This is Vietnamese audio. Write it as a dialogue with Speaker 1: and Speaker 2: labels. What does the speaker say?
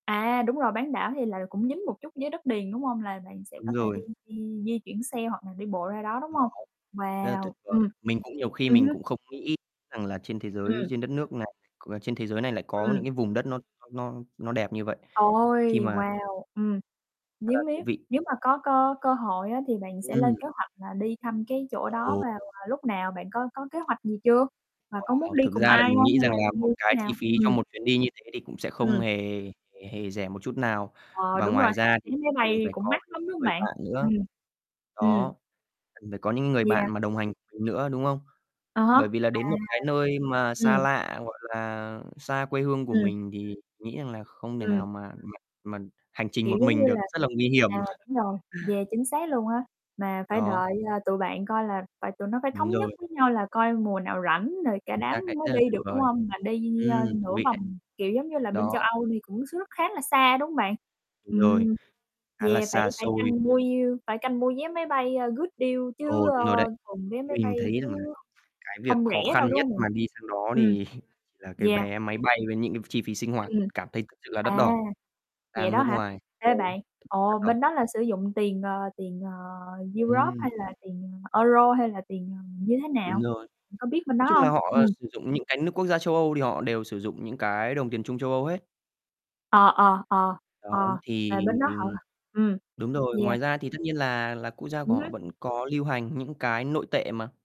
Speaker 1: À, đúng rồi, bán đảo thì là cũng dính một chút với đất liền, đúng hông? Là bạn sẽ
Speaker 2: Đúng
Speaker 1: có thể đi
Speaker 2: rồi.
Speaker 1: di di chuyển xe hoặc là đi bộ ra đó, đúng hông?
Speaker 2: [unintelligible] Rất là
Speaker 1: Wow,
Speaker 2: tuyệt vời.
Speaker 1: ừm.
Speaker 2: Mình cũng nhiều khi
Speaker 1: Ừ
Speaker 2: mình
Speaker 1: hứ.
Speaker 2: cũng không nghĩ rằng là trên thế giới
Speaker 1: Ừm.
Speaker 2: trên đất nước này, c ờ, trên thế giới này lại có những
Speaker 1: Ừm.
Speaker 2: cái vùng đất nó nó nó nó đẹp như vậy, khi
Speaker 1: Ôi,
Speaker 2: mà
Speaker 1: wow, ừm,
Speaker 2: Khá
Speaker 1: nếu
Speaker 2: là
Speaker 1: nếu
Speaker 2: thú vị.
Speaker 1: nếu mà có có cơ hội á, thì bạn sẽ
Speaker 2: Ừm.
Speaker 1: lên kế hoạch là đi thăm cái chỗ đó
Speaker 2: Ồ.
Speaker 1: mà vào lúc nào? Bạn có có kế hoạch gì chưa? Và có
Speaker 2: Wow,
Speaker 1: muốn đi
Speaker 2: thực
Speaker 1: cùng
Speaker 2: ra là
Speaker 1: ai
Speaker 2: mình
Speaker 1: hông
Speaker 2: nghĩ
Speaker 1: hay
Speaker 2: rằng
Speaker 1: là
Speaker 2: là một
Speaker 1: như thế
Speaker 2: cái chi
Speaker 1: nào?
Speaker 2: phí cho
Speaker 1: Ừm.
Speaker 2: một chuyến đi như thế thì cũng sẽ không
Speaker 1: Ừm.
Speaker 2: hề hề rẻ một chút nào
Speaker 1: Ờ,
Speaker 2: và
Speaker 1: đúng rồi
Speaker 2: ngoài
Speaker 1: ha,
Speaker 2: ra
Speaker 1: vé
Speaker 2: thì
Speaker 1: máy
Speaker 2: cần
Speaker 1: bay
Speaker 2: phải
Speaker 1: cũng
Speaker 2: có
Speaker 1: mắc
Speaker 2: những
Speaker 1: lắm, đúng
Speaker 2: cái
Speaker 1: hông
Speaker 2: người
Speaker 1: bạn?
Speaker 2: bạn nữa.
Speaker 1: Ừm, ừm.
Speaker 2: Đó, cần phải có những người bạn
Speaker 1: Yeah.
Speaker 2: mà đồng hành cùng mình nữa, đúng không?
Speaker 1: À há.
Speaker 2: Bởi vì là
Speaker 1: À.
Speaker 2: đến một cái nơi mà xa
Speaker 1: Ừm.
Speaker 2: lạ, gọi là, xa quê hương của
Speaker 1: Ừm.
Speaker 2: mình thì nghĩ rằng là không thể
Speaker 1: Ừm.
Speaker 2: nào mà mà mà hành trình
Speaker 1: Kiểu,
Speaker 2: một
Speaker 1: giống
Speaker 2: mình
Speaker 1: như
Speaker 2: được,
Speaker 1: là,
Speaker 2: rất là nguy hiểm.
Speaker 1: à, đúng rồi, yeah, chính xác luôn á. Mà phải
Speaker 2: Đó.
Speaker 1: đợi, ơ, tụi bạn coi là phải tụi nó phải
Speaker 2: Đúng
Speaker 1: thống nhất
Speaker 2: rồi.
Speaker 1: với nhau là coi mùa nào rảnh rồi cả
Speaker 2: Chính
Speaker 1: đám
Speaker 2: xác đấy,
Speaker 1: mới
Speaker 2: rất là
Speaker 1: đi
Speaker 2: tuyệt
Speaker 1: được, đúng
Speaker 2: vời.
Speaker 1: hông? Mà đi như như, ơ,
Speaker 2: Ừm, thú
Speaker 1: nửa
Speaker 2: vị đấy.
Speaker 1: vòng, kiểu, giống như là bên
Speaker 2: Đó.
Speaker 1: châu Âu thì cũng trước khá là xa, đúng hông bạn?
Speaker 2: Đúng rồi,
Speaker 1: Ừm,
Speaker 2: khá là
Speaker 1: yeah, phải
Speaker 2: xa
Speaker 1: phải
Speaker 2: xôi.
Speaker 1: canh mua deal phải canh mua vé máy bay, ơ, good deal chứ,
Speaker 2: Ồ,
Speaker 1: ơ,
Speaker 2: đúng rồi đấy,
Speaker 1: thường vé máy
Speaker 2: mình
Speaker 1: bay
Speaker 2: thấy rằng là
Speaker 1: chứ
Speaker 2: cái việc
Speaker 1: không
Speaker 2: khó
Speaker 1: rẻ
Speaker 2: khăn
Speaker 1: đâu, đúng
Speaker 2: nhất
Speaker 1: hông bạn?
Speaker 2: mà đi sang đó
Speaker 1: Ừm.
Speaker 2: thì là cái
Speaker 1: Yeah.
Speaker 2: vé máy bay với những cái chi phí sinh hoạt
Speaker 1: Ừm.
Speaker 2: cảm thấy thực sự là đắt
Speaker 1: À,
Speaker 2: đỏ.
Speaker 1: vậy
Speaker 2: Sang
Speaker 1: đó
Speaker 2: nước
Speaker 1: hả?
Speaker 2: ngoài, ừ,
Speaker 1: Ê, bạn,
Speaker 2: rất đắt
Speaker 1: ồ, bên
Speaker 2: đỏ.
Speaker 1: đó là sử dụng tiền, ờ, tiền, à, Europe
Speaker 2: Ừm.
Speaker 1: hay là tiền Euro hay là tiền như thế
Speaker 2: Đúng
Speaker 1: nào?
Speaker 2: rồi,
Speaker 1: Bạn có biết bên
Speaker 2: nói
Speaker 1: đó
Speaker 2: chung
Speaker 1: hông?
Speaker 2: là họ
Speaker 1: Ừm.
Speaker 2: sử dụng những cái nước quốc gia châu Âu thì họ đều sử dụng những cái đồng tiền chung châu Âu hết.
Speaker 1: Ờ, ờ, ờ,
Speaker 2: Đó,
Speaker 1: ờ,
Speaker 2: thì
Speaker 1: là bên đó họ hoặc ừm,
Speaker 2: đúng rồi, ngoài
Speaker 1: yeah.
Speaker 2: ra thì tất nhiên là là quốc gia của
Speaker 1: Ừm
Speaker 2: họ
Speaker 1: hứm.
Speaker 2: vẫn có lưu hành những cái nội tệ mà.